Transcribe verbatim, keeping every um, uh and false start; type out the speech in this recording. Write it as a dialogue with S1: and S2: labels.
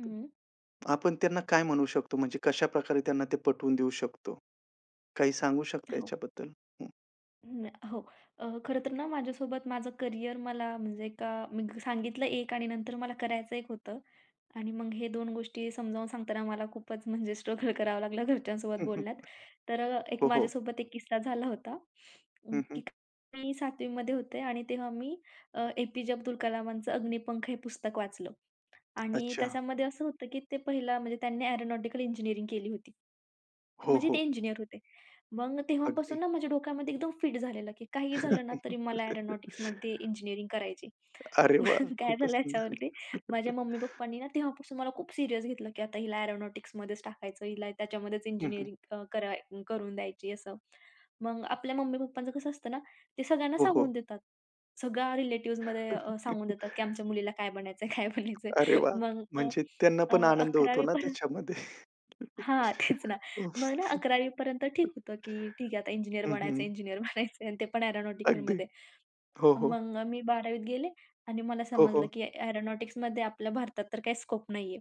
S1: हं.
S2: आपण त्यांना काय म्हणू शकतो म्हणजे कशाप्रकारे त्यांना ते पटवून देऊ शकतो? काही सांगू शकता
S1: हो.
S2: याच्याबद्दल, हं?
S1: हो. अ, खरं तर ना माझ्यासोबत माझं करिअर मला म्हणजे नाही का? मी सांगितलं एक आणि नंतर मला करायचं एक होतं आणि मग हे दोन गोष्टी समजावून सांगताना मला खूपच म्हणजे स्ट्रगल करावं लागलं घरच्यांसोबत बोलण्यात तर अ, एक
S2: हो, हो.
S1: माझ्यासोबत एक किस्सा झाला होता
S2: हं, हं.
S1: की मी सातवी मध्ये होते आणि तेव्हा मी अ, ए. पी. जे अब्दुल कलामांचं अग्निपंख हे पुस्तक वाचलं. आणि
S2: अच्छा.
S1: त्याच्यामध्ये असं होतं की ते पहिलं म्हणजे त्यांनी एरोनॉटिकल इंजिनिअरिंग केली होती.
S2: हो,
S1: म्हणजे ते
S2: हो.
S1: इंजिनिअर होते. मग
S2: अगदी.
S1: तेव्हापासून ना माझ्या डोक्यामध्ये एकदम फिट झालेलं की काहीही झालं ना तरी मला एरोनॉटिक्समध्ये इंजिनिअरिंग करायची.
S2: अरे वाह!
S1: मग काय
S2: खूपच
S1: झालं?
S2: सुंदर.
S1: याच्यावरती माझ्या मम्मी-पप्पांनी ना तेव्हापासून मला खूप सीरियस घेतलं की आता हिला एरोनॉटिक्समध्येच टाकायचं. हिला त्याच्यामध्येच
S2: हं, हं.
S1: इंजिनिअरिंग कर करून द्यायची असं. मग आपल्या मम्मी-पप्पांचं कसं असतं ना? ते सगळ्यांना
S2: हो, हो.
S1: सांगून देतात. सगळ्या रिलेटिव्हजमध्ये अ, सांगून देतात की आमच्या मुलीला काय बनायचं आहे? काय बनायचं
S2: अरे
S1: आहे?
S2: वाह!
S1: मग अ,
S2: म्हणजे त्यांना
S1: अ,
S2: पण आनंद होतो
S1: अकरावी पर्यंत
S2: ना त्याच्यामध्ये.
S1: हां. तेच ना
S2: उफ.
S1: मग अकरावी पर्यंत ठीक होतं, की ठीक आहे, आता इंजिनिअर
S2: हं,
S1: बनायचं,
S2: हं.
S1: इंजिनिअर बनायचं आहे आणि ते पण
S2: अगदी.
S1: एअरोनॉटिकलमध्ये
S2: हो, हो.
S1: मग अ, मी बारावी त गेले आणि मला
S2: हो,
S1: समजलं
S2: हो.
S1: की एरोनॉटिक्समध्ये आपल्या भारतात तर काही स्कोप नाही आहे.